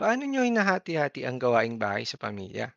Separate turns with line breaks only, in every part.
Paano niyo hinahati-hati ang gawaing bahay sa pamilya?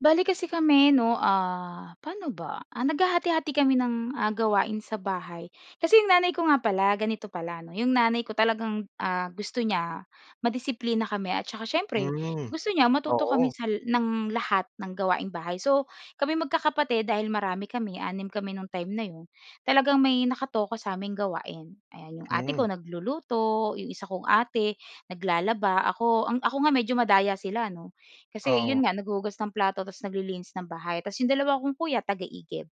Bale kasi kami 'no, ah, pa'no ba? Ah, naghahati-hati kami ng, ah, gawain sa bahay, kasi 'yong nanay ko nga pala, ganito pala 'no, 'yong nanay ko talagang, ah, gusto niya madisiplina kami at saka siyempre
Hmm.
gusto niya matuto kami
Oo.
sa la ng lahat ng gawaing bahay. So, kami magkakapatid dahil marami kami, 6 kami no'ng time na 'yon, talagang may nakatoka sa'ming gawain, ayan. 'Yong ate ko
Hmm.
nagluluto. 'Yong isa kong ate, naglalaba. Ako, ang ako nga medyo madaya sila 'no, kasi
Oo.
'yon nga naghuhugas ng plato ta's naglilinis ng bahay. Ta's 'yong dalawa akong kuya taga-igib.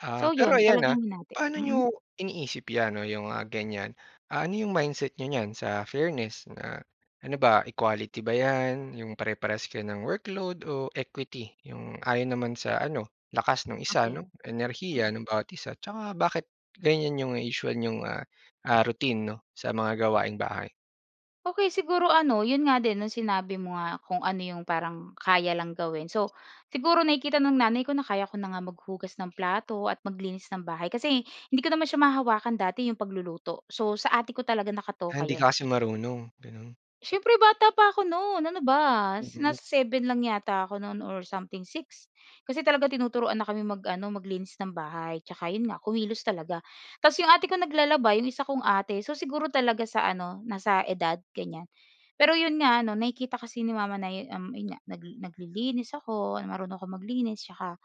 Ah.
So
Pero
'yon
ayan, ah,
talagang hinati.
paano
Mm?
n'yo iniisip 'yan 'no, 'yong, ah, ganyan. Ah, ano 'yong mindset n'yo niyan sa fairness? Na, ano ba equality ba 'yan, 'yong pare-parehas kayo ng workload o equity, 'yong ayon naman sa ano, lakas ng isa
Okey.
'no, enerhiya
Mm.
ng bawat isa, 'tsaka bakit ganyan 'yong usual n'yong ah, ah, routine 'no sa mga gawaing bahay?
Okey, siguro ano, 'yon nga din no'ng sinabi mo nga kung ano 'yong parang kaya lang gawin. So siguro nakikita ng nanay ko na kaya ko na nga maghugas ng plato at maglinis ng bahay kasi hindi ko naman siya mahawakan dati 'yong pagluluto. So sa ate ko talaga nakatoka
Ah, hindi
'yon.
kasi marunong, gano'n?
Siyempre bata pa ako no'n. Ano ba?
Mm.
Nasa 7 lang yata ako no'n or something, 6. Kasi talaga tinuturuan na kami mag-ano, maglinis ng bahay 'tsaka 'yon nga kumilos talaga. Tas 'yong ate ko naglalaba. 'Yong isa kong ate. So siguro talaga sa ano, nasa edad, ganyan. Pero 'yon nga ano, nakikita kasi ni mama na 'yo um, 'yon nga nag naglilinis ako, marunong ako maglinis 'tsaka,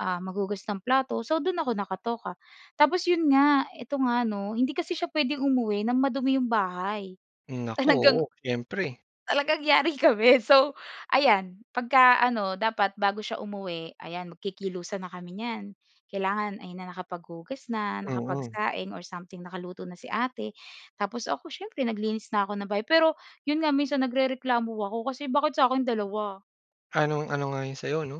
um, maghugas ng plato, so do'n ako nakatoka. Tapos 'yon nga, ito nga 'no, hindi kasi siya puwedeng umuwi ng madumi 'yong bahay
Hmm, nako, oo.
talagang
Siyempre.
talagang yari kami. So ayan pagka ano dapat bago siya umuwi, ayan, magkikilusan na kami niyan. Kailangan ayan na, nakapaghugas na,
Mm.
nakapagsaing or something, nakaluto na si ate tapos ako siyempre naglinis na ako ng bahay. Pero 'yon nga minsan nagrereklamo ako kasi bakit sa'kin 2?
Anung-ano nga 'yon sa'yo no?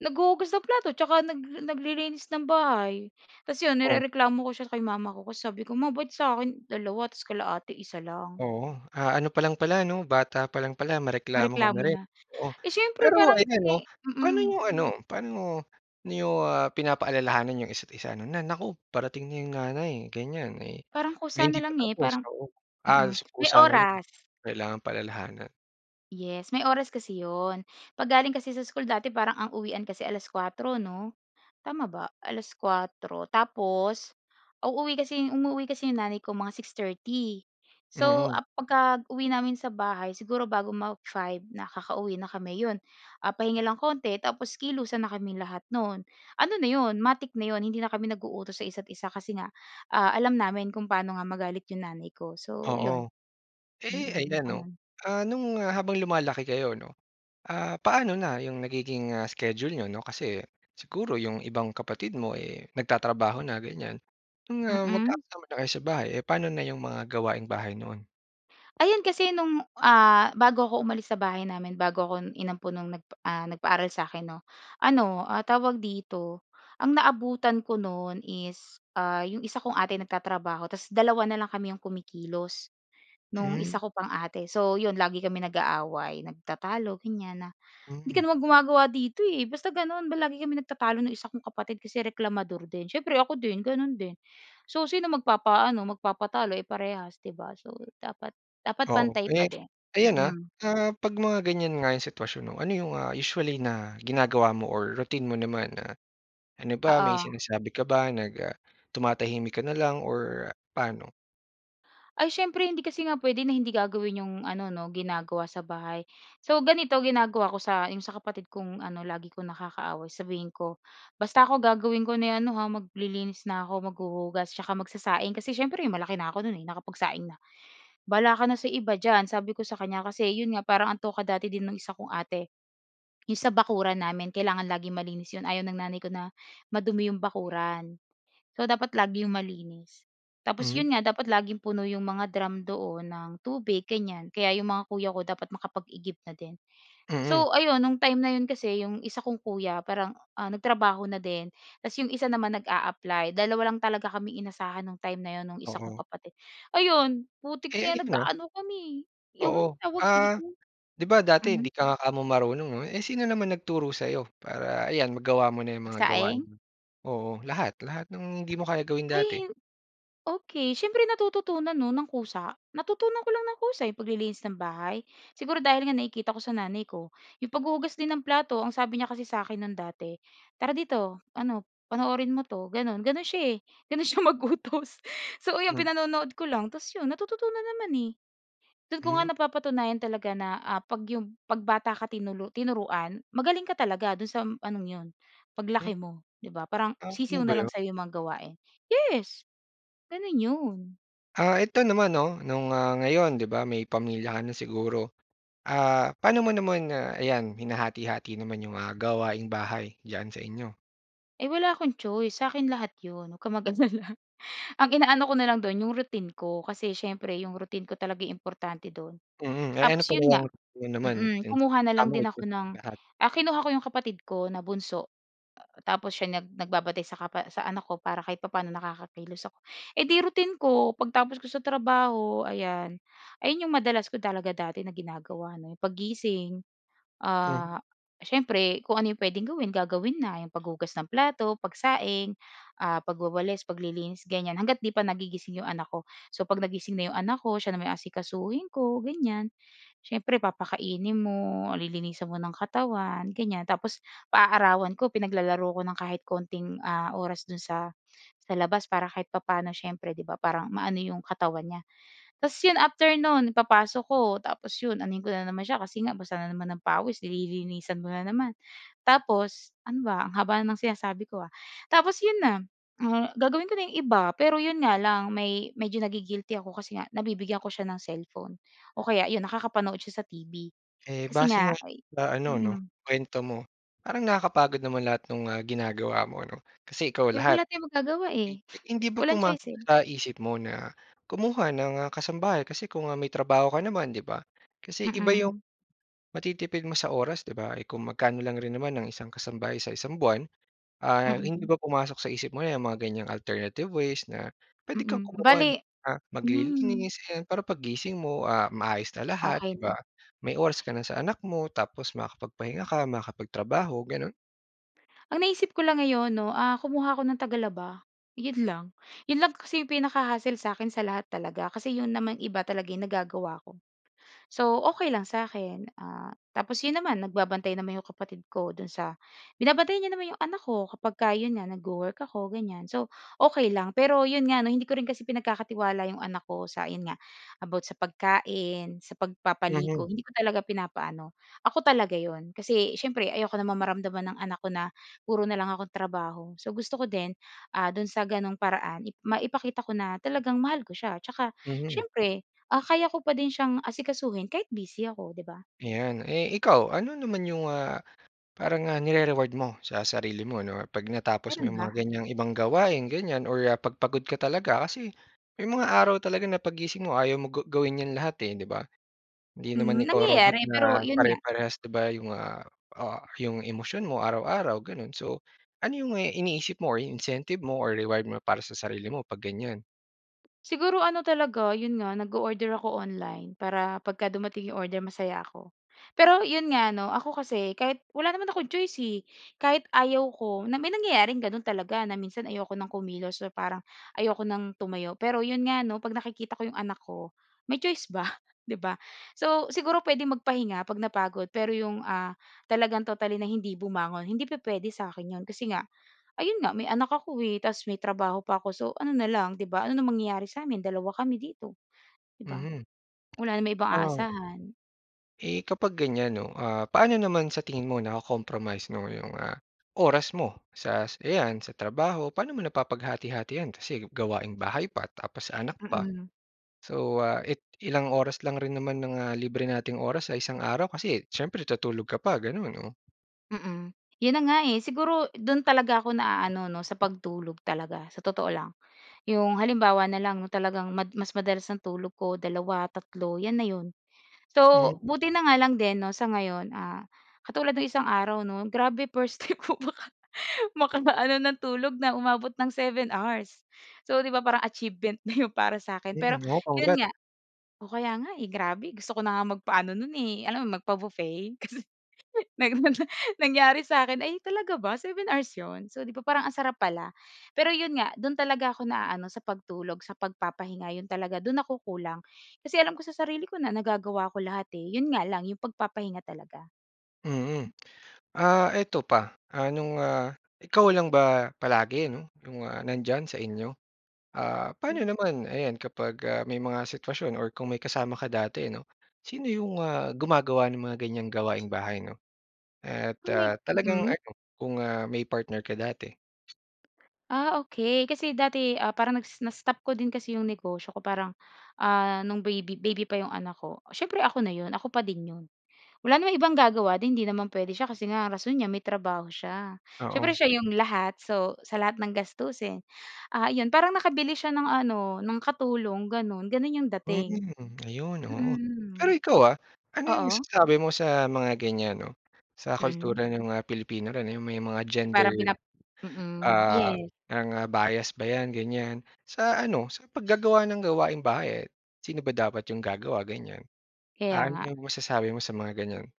Naghuhugas ng plato, tsaka nag naglilinis ng bahay. Tas 'yon
Oh.
nirereklamo ko siya kay mama ko kasi sabi ko, "Ma ba't sa'kin 2, tapos kila ate 1 lang?"
Oo. Ah ano pa lang pala 'no? Bata pa lang pala mareklamo ka na
Mareklamo
rin?
na.
Oo.
Eh, siyempre
Pero
parang
ayan 'no,
kasi
paano
mm.
niyo ano paano niyo, ah, pinapaalalahanan 'yong isa't-isa 'no, na, "Naku! Parating na 'yong nanay", ganyan, eh,
Parang
may
kusa
hindi
na
pa
lang, eh,
tapos,
parang,
oo Ah,
mm
so
May
kusa na lang,
oras.
kailangan paalalahanan.
Yes. May oras kasi 'yon. 'Pag galing kasi sa school dati parang ang uwian kasi alas-kuwatro 'no? Tama ba, alas-kuwatro? Tapos uuwi kasi, umuuwi kasi 'yong nanay ko mga 6:30. So,
Mm.
ah, pagka uwi namin sa bahay siguro bago mag-five, nakakauwi na kami 'yon. Ah, pahinga lang konti tapos kilusan na kaming lahat no'n. Ano na 'yon, matic na 'yon. Hindi na kami nag-uutos sa isa't-isa kasi nga, ah, alam namin kung paano nga magalit 'yong nanay ko. So 'yon.
Oo. Eh,
Mm,
ayan 'no.
gano'n.
Ah, no'ng habang lumalaki kayo 'no, ah, paano na 'yong nagiging, ah, schedule n'yo 'no? Kasi siguro 'yong ibang kapatid mo, eh, nagtatrabaho na ganyan. Mga
Mm.
magkakasama na kayo sa bahay, eh, paano na 'yong mga gawaing-bahay noon?
Ayun, kasi no'ng, ah, bago 'ko umalis sa bahay namin, bago ako inampon no'ng nagpa ah, nagpaaral sa'kin 'no, ano, ah, tawag dito, ang naabutan ko no'n is, ah, 'yong isa kong ate nagtatrabaho tas 2 na lang kami 'yong kumikilos, no'ng isa
Hmm.
ko pang ate. So 'yon lagi kami nag-aaway nagtatalo ganyan na, "Hindi ka
Mm.
naman gumagawa dito eh." Basta gano'n ba lagi kami nagtatalo no'ng isa kong kapatid kasi reklamador din. Siyempre ako din, gano'n din. So, sino magpapaano, magpapatalo eh, parehas, 'di ba? So dapat dapat
Oo.
pantay pa
Eh,
din.
ayan, ah,
Mm.
ah, 'pag mga ganyan nga 'yong sitwasyon 'no, ano 'yong, ah, usually na ginagawa mo or routine mo naman na, ano ba, may
Oo.
sinasabi ka ba nag, ah, tumatahimik ka na lang or paano?
Ay, siyempre hindi kasi nga puwede na hindi gagawin 'yong ano 'no, ginagawa sa bahay. So, ganito ginagawa ko sa 'yong sa kapatid kong ano, lagi kong nakakaaway sabihin ko, "Basta ako gagawin ko na yung ano ha, maglilinis na ako, maghuhugas, tsaka magsasaing." kasi siyempre malaki na ako no'n nakapagsaing na, "Bahala ka na sa iba diyan." sabi ko sa kanya kasi 'yon nga, parang ang toka dati din ng isa kong ate, 'yong sa bakuran namin. Kailangan laging malinis 'yon. Ayaw ng nanay ko na madumi 'yong bakuran. So dapat lagi 'yong malinis. Tapos
Mhm.
'yon nga, dapat laging puno 'yong mga drum doon ng tubig ganyan. Kaya 'yong mga kuya ko dapat makapag-igib na din.
Mm.
So, ayun no'ng time na 'yon kasi 'yong isa kong kuya parang, ah, nagtrabaho na din tapos 'yong isa naman nag-a-apply. Dalawa lang talaga kaming inasahan no'ng time na 'yon no'ng isa kong
Oo.
kapatid. Ayun putik na
Kaya
'yan
yan ah.
nag-aano kami eh,
Oo.
'yong tawag
Ah,
dito
'di ba dati hindi
mhm.
ka nga kamo marunong 'no? Eh, sino naman nagturo sa 'yo para ayan magawa mo na 'yong mga gawain
Nagsaing?
mo? Oo, lahat, lahat ng hindi mo kaya gawin
Ay
dati.
hin okey. Siyempre natututunan 'no, nang kusa. Natutunan ko lang nang kusa, 'yong paglilinis ng bahay? Siguro dahil nga nakikita ko sa nanay ko. 'Yong paghuhugas din ng plato, ang sabi niya kasi sa'kin no'n dati, "Tara dito ano, panoorin mo 'to." gano'n. Gano'n siya eh, gano'n siya mag-utos. So, ayun
Hmm.
pinanonood ko lang, tapos 'yon natututunan naman eh. Do'n ko nga
Hmm.
napapatunayan talaga na, ah, 'pag 'yong 'pag bata ka tinulu tinuruan, magaling ka talaga dun sa anong 'yon, 'pag
Hmm.
laki mo, 'di ba? Parang
Ah,
sisiw
gano'n ba
na lang
'yon?
sa'yo 'yong mga gawain. Yes. Gano'n 'yon.
Ah, ito naman 'no, nung, ah, ngayon 'di ba, may pamilya ka na siguro. Ah, pa'no mo naman, ah, ayan, hinahati-hati naman yung, ah, gawaing bahay diyan sa inyo?
Eh, wala akong choice. Sa akin lahat 'yon, huwag kang mag-alala. Ang inaano ko na lang do'n, yung routine ko. Kasi siyempre yung routine ko yung talaga importante do'n.
Mhm. Eh,
Tapos
ano pala
'yon nga,
'yang ano naman
mm,
yung
kumuha na lang
kamo
din
ikaw
ako ng
na lahat.
ah, kinuha ko yung kapatid ko na bunso, tapos siya nag nagbabantay sa kapa sa anak ko para kahit papa'no nakakakilos ako. Eh di routine ko pagtapos ko sa trabaho, ayan. Ayun yung madalas ko talaga dati na ginagawa 'no. Paggising,
Mhm.
ah, siyempre kung ano yung puwedeng gawin, gagawin na, yung paghugas ng plato, pagsaing, ah, pagwawalis, paglilinis, ganyan. Hangga't 'di pa nagigising yung anak ko. So, 'pag nagising na yung anak ko, siya naman yung asikasuhin ko, ganyan. Siyempre, papakainin mo, lilinisan mo ng katawan, ganyan. Tapos paaarawan ko, pinaglalaro ko ng kahit konting, ah, oras do'n sa sa labas para kahit papa'no siyempre, 'di ba, parang maano yung katawan niya. Ta's 'yon after no'n, ipapasok ko tapos 'yon anohin ko na naman siya kasi nga basa na naman ng pawis, di lilinisan mo na naman. Tapos ano ba, ang haba na ng sinasabi ko, ah. Tapos 'yon na, ah, gagawin ko na yung iba pero 'yon nga lang, may medyo nagi-guilty ako kasi nga nabibigyan ko siya ng cellphone o kaya 'yon, nakakapanood siya sa TV,
Eh,
kasi
base nga
nga, ay
sa ano 'no,
mm.
kuwento mo. Parang nakakapagod naman lahat nung, ah, ginagawa mo 'no, kasi ikaw
Eh, wala
lahat.
tayong magagawa,
Hmm,
eh,
hindi ba
walang choice,
pumasok
eh.
sa isip mo na kumuha ng, ah, kasambahay kasi kung, ah, may trabaho ka naman, 'di ba. Kasi iba yung
Mm.
matitipid mo sa oras, 'di ba? Eh, kung magkano lang rin naman ang isang kasambay sa isang buwan. Ah, hindi
Mm.
ba pumasok sa isip mo 'yang mga ganyang alternative ways na pwede kang
Mm.
kumuha ng,
Bale
ah,
mhm.
maglilinis? 'Yan, para paggising mo, ah, maayos na lahat,
Okey
'di ba.
na.
May oras ka na sa anak mo tapos makakapagpahinga ka, makakapagtrabaho, gano'n.
Ang naisip ko lang ngayon 'no, ah, kumuha ako ng tagalaba. 'Yon lang. 'Yon lang kasi 'yong pinaka-hassle sa 'kin sa lahat talaga. Kasi 'yon naman iba talaga ay nagagawa ko. So, okey lang sa'kin. Ah, tapos 'yon naman nagbabantay naman 'yong kapatid ko do'n sa binabantayan niya naman 'yong anak ko kapag 'yon nga nagwo-work ako ganyan. So okey lang. Pero 'yon nga 'no, hindi ko rin kasi pinagkakatiwala 'yong anak ko sa 'yon nga about sa pagkain, sa pagpapaligo.
Mhm.
Hindi ko talaga pinapa-ano. Ako talaga 'yon. Kasi siyempre ayoko naman mamaramdaman ng anak ko na puro na lang akong trabaho. So gusto ko din, ah, do'n sa gano'ng paraan ip maipakita ko na talagang mahal ko siya. Tsaka
Mhm.
siyempre, ah, kaya ko pa din siyang asikasuhin kahit busy ako, 'di ba?
Ayan. Eh, ikaw, ano naman 'yong, ah, parang nga nire-reward mo sa sarili mo 'no 'pag natapos mo
Meron
'yong
ba?
mga ganyang ibang gawain ganyan or, ah, 'pag pagod ka talaga? Kasi may mga araw talaga na paggising mo ayaw mo ga gawin 'yan lahat, eh, 'di ba? Hindi
Hmm,
naman ikaw robot
nangyayari pero
na
'yon nga
pare-parehas 'di ba 'yong, ah, ah, 'yong emosyon mo araw-araw gano'n. So ano 'yong iniisip mo or incentive mo or reward mo para sa sarili mo 'pag ganyan?
Siguro, ano talaga, 'yon nga, nag-o-order ako online, para pagka dumating yung order masaya ako. Pero, 'yon nga 'no, ako kasi kahit wala naman akong choice eh, kahit ayaw ko na may nangyayaring gano'n talaga na minsan ayoko ng kumilos or parang ayoko ng tumayo. Pero, 'yon nga 'no, 'pag nakikita ko yung anak ko, may choice ba, 'di ba? So, siguro puwedeng magpahinga 'pag napagod pero yung, ah, talagang totally na hindi bumangon hindi pupuwede sa akin 'yon. Kasi nga, ayun nga, may anak ako, eh, tas may trabaho pa ako. So, ano na lang, 'di ba? Ano na mangyayari sa'min, dalawa kami dito, 'di ba?
Mhm.
Wala naman ibang
Ah
aasahan.
Eh, kapag ganyan 'no, ah, paano naman sa tingin mo nako-compromise 'no, yung, ah, oras mo sa, ayan, sa trabaho. Paano mo napapaghati-hati 'yan? Kasi gawaing bahay pa, tapos anak pa.
Mm.
So, ah, it ilang oras lang rin naman ng, ah, libre nating oras sa isang araw kasi siyempre tuutulog ka pa, gano'n, oh.
Mm. 'Yon na nga, eh. Siguro do'n talaga ako naaano, 'no, sa pagtulog talaga, sa totoo lang. Yung halimbawa na lang 'no, talagang mad mas madalas ang tulog ko, 2, 3, 'yan na 'yon. So,
Hmm.
buti na nga lang din 'no sa ngayon, ah, katulad no'ng isang araw 'no, grabe first time ko maka makaano ng tulog na umabot ng 7 hours. So, 'di ba parang achievement na 'yon para sa akin.
Yun
Pero
'yon oh.
'yon
Congrat
nga Oh, kaya nga, eh, grabe gusto ko na nga magpaano no'n eh, alam mo, magpa-buffet kasi nang nangyari sa akin, "Ay, talaga ba? Seven hours 'yon?" So, 'di ba parang ang sarap pala. Pero 'yon nga, do'n talaga ako naaano, sa pagtulog, sa pagpapahinga, 'yon talaga, do'n ako kulang. Kasi alam ko sa sarili ko na nagagawa ko lahat, eh. 'Yon nga lang yung pagpapahinga talaga.
Mm. Ah, eto pa, ah, nung, ah, ikaw lang ba palagi 'no, yung, ah, nandiyan sa inyo? Ah, paano
Hmm?
naman, ayan, kapag, ah, may mga sitwasyon or kung may kasama ka dati 'no? Sino yung, ah, gumagawa ng mga ganyang mga gawaing bahay, 'no? At,
Kung may
ah, talagang
mm?
ano, kung ah, may partner ka dati?
Ah, okey, kasi dati, ah, parang nag na-stop ko din kasi 'yong negosyo ko. Parang ah, no'ng baby baby pa 'yong anak ko. Siyempre ako na 'yon, ako pa din 'yon. Wala namang ibang gagawa din hindi naman puwede siya kasi nga rason niya may trabaho siya. Siyempre
Oo.
siya 'yong lahat, so sa lahat ng gastusin. Ah 'yon, parang nakabili siya ng ano ng katulong gano'n. Gano'n 'yong dating.
Mm. Ayun, oo. Pero
Mm.
ikaw, ah, ano 'yong
Oo.
masasabi mo sa mga ganyan 'no. Sa
Mm.
kultura ng mga Pilipino na 'yong may mga gender,
Parang pinap mm,
ah,
yes.
mga bias ba 'yan ganyan? Sa ano sa paggagawa ng gawaing-bahay, eh, sino ba dapat 'yong gagawa, ganyan?
Kaya
Ah, ano ba
nga.
'yong masasabi mo sa mga ganyan?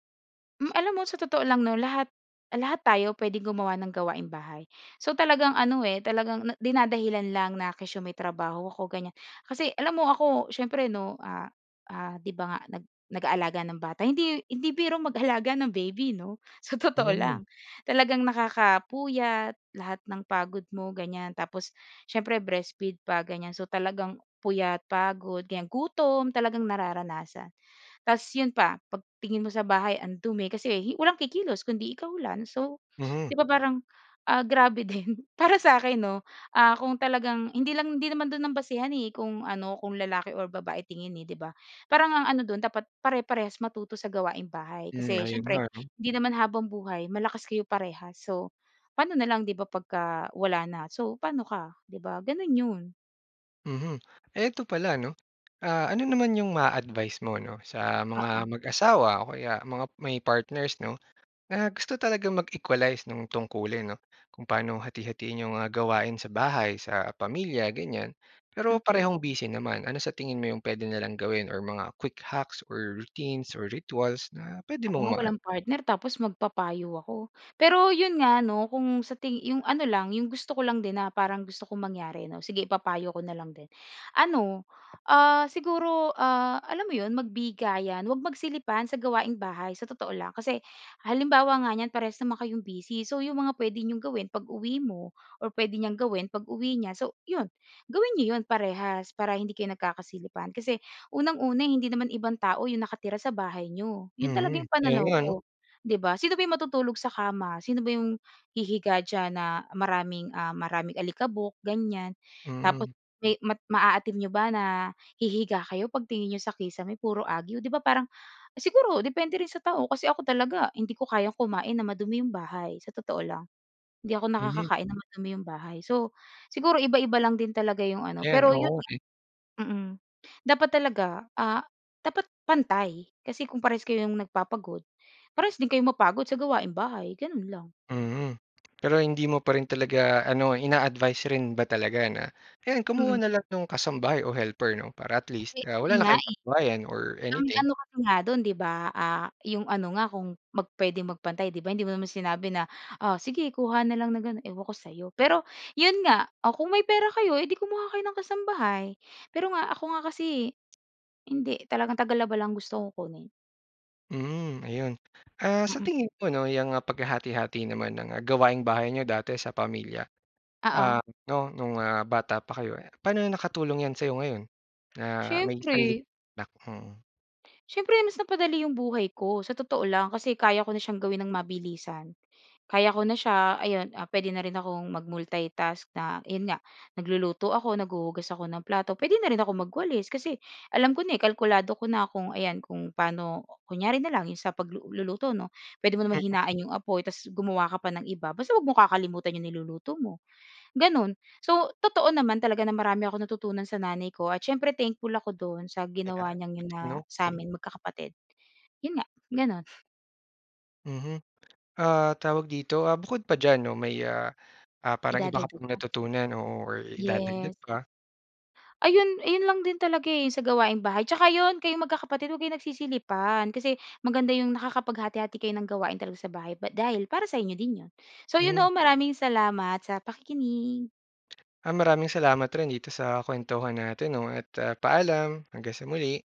Hmm, alam mo sa totoo lang 'no, lahat lahat tayo puwedeng gumawa ng gawaing-bahay. So talagang ano eh, talagang na dinadahilan lang na kesyo may trabaho ako, ganyan. Kasi alam mo ako siyempre 'no, ah, ah, 'di ba nga nag nag-aalaga ng bata hindi hindi biro mag-alaga ng baby, 'no, sa totoo
Mm.
lang. Talagang nakakapuyat lahat ng pagod mo, ganyan. Tapos siyempre breastfeed pa ganyan. So talagang puyat, pagod, ganyan, gutom, talagang nararanasan. Ta's 'yon pa 'pag tingin mo sa bahay, ang dumi kasi walang kikilos kundi ikaw lang. So
Mhm.
'di ba, parang, ah, grabe din para sa'kin 'no, ah, kung talagang hindi lang hindi naman do'n ang basehan, eh, kung ano, kung lalaki o babae tingin eh, 'di ba? Parang ang ano do'n dapat ,pare-parehas matuto sa gawaing bahay.
Hmm,
Kasi
'ayun nga
siyempre
'no.
hindi naman habang buhay malakas kayo parehas. So paano na lang 'di ba, pagka wala na? So pa'no ka, 'di ba? Gano'n 'yon.
Mhm. Eh, eto pala 'no, ah, ano naman yung ma-a-advice mo 'no, sa mga
Oo.
mag-asawa, o kaya mga may partners 'no, na gusto talagang mag-equalize nung tungkulin 'no, kung paano hati-hatiin yung, ah, gawain sa bahay, sa pamilya, ganyan. Pero
Okey.
parehong busy naman. Ano sa tingin mo yung puwede nilang gawin or mga quick hacks or routines or rituals na pwede
Ako
mong
nga
ma
walang partner, tapos magpapayo ako. Pero 'yon nga ano, kung sa ting yung ano lang, yung gusto ko lang din na parang gusto kong mangyari ano, sige ipapayo ko na lang din. Ano, ah, siguro, ah, alam mo 'yon magbigayan, 'wag magsilipan sa gawaing bahay, sa totoo lang. Kasi halimbawa nga niyan, parehas naman kayong busy, so yung mga puwede niyong gawin pag-uwi mo or puwede niyang gawin pag-uwi niya, so 'yon gawin n'yo 'yon parehas para hindi kayo nagkakasilipan. Kasi unang-una, hindi naman ibang tao yung nakatira sa bahay n'yo. 'Yon talaga
Mhm,
yung
eh,
pananaw
ngayon?
ko, 'di ba? Sino ba yung matutulog sa kama? Sino ba yung hihiga diyan na, maraming, ah, maraming alikabok, ganyan. Tapos
Mm.
may mat maaatim n'yo ba na hihiga kayo, pagtingin n'yo sa kisame, puro agiw, 'di ba, parang, siguro depende rin sa tao. Kasi ako talaga, hindi ko kayang kumain na madumi yung bahay, sa totoo lang. Hindi ako
Mhm.
nakakakain ng madumi yung bahay. So, siguro iba-iba lang din talaga yung ano,
Ayan,
pero 'yon
oo,
nga,
eh.
mm, dapat talaga, ah, dapat pantay. Kasi kung parehas kayong nagpapagod, parehas din kayo mapagod sa gawaing bahay, ganun lang.
Mhm, pero hindi mo pa rin talaga ano, ina-advice rin ba talaga na ayan, kumuha
Mm.
na lang nung kasambahay o helper 'no, para at
Eh,
least, ah,
'yon
wala na
nga,
kayong
eh.
pag-awayan or
Ang
anything.
ano kasi nga do'n 'di ba, ah, yung ano nga kung mag puwedeng magpantay 'di ba, hindi mo naman sinabi na, "O, sige kuha na lang ng ganun, ewan ko sa'yo." Pero 'yon nga, o kung may pera kayo, eh di kumuha kayo ng kasambahay. Pero nga, ako nga kasi hindi, talagang tagalaba lang gusto kong kunin.
Mhm, ayun. Ah, sa
Mm.
tingin mo 'no, 'yang paghati-hati naman ng gawaing-bahay niyo, dati sa pamilya, ah,
Oo.
'no, nung bata pa kayo eh, paano nakatulong 'yan sa'yo ngayon na may sarili
Siyempre.
nak? Mm.
Siyempre, mas napadali yung buhay ko sa totoo lang, kasi kaya ko na siyang gawin ng mabilisan. Kaya ko na siya, ayun, puwede na rin akong mag multitask na yun nga nagluluto ako, naghuhugas ako ng plato. Puwede na rin akong magwalis, kasi alam ko na, kalkulado ko na kung, ayan kung paano kunyari na lang yung sa pagluluto 'no, puwede mo naman
Mhm.
hinain yung apoy tapos gumawa ka pa ng iba, basta huwag mong kakalimutan yung niluluto mo, ganun. So totoo naman talaga na marami akong natutunan sa nanay ko at siyempre thankful ako dun sa ginawa
Ayan,
niyang yun na,
'no, okey.
sa'min magkakapatid, yun nga, ganun.
Mhm. Ah, tawag dito ah, bukod pa diyan 'no, may ah, ah, parang iba ka
Idadagdag
pang
pa.
natutunan, oo, or idadagdag
Yes.
pa.
Ayun, ayun lang din talaga eh, sa gawaing-bahay, tsaka yun kayong magkakapatid 'wag kayong nagsisilipan, kasi maganda yung nakakapaghati-hati kayo ng gawain talaga sa bahay, bat dahil para sa inyo din 'yon. So, yun
Mm.
'no, maraming salamat sa pakikinig.
Ah, maraming salamat rin dito sa kuwentuhan natin 'no, at paalam, hanggang sa muli.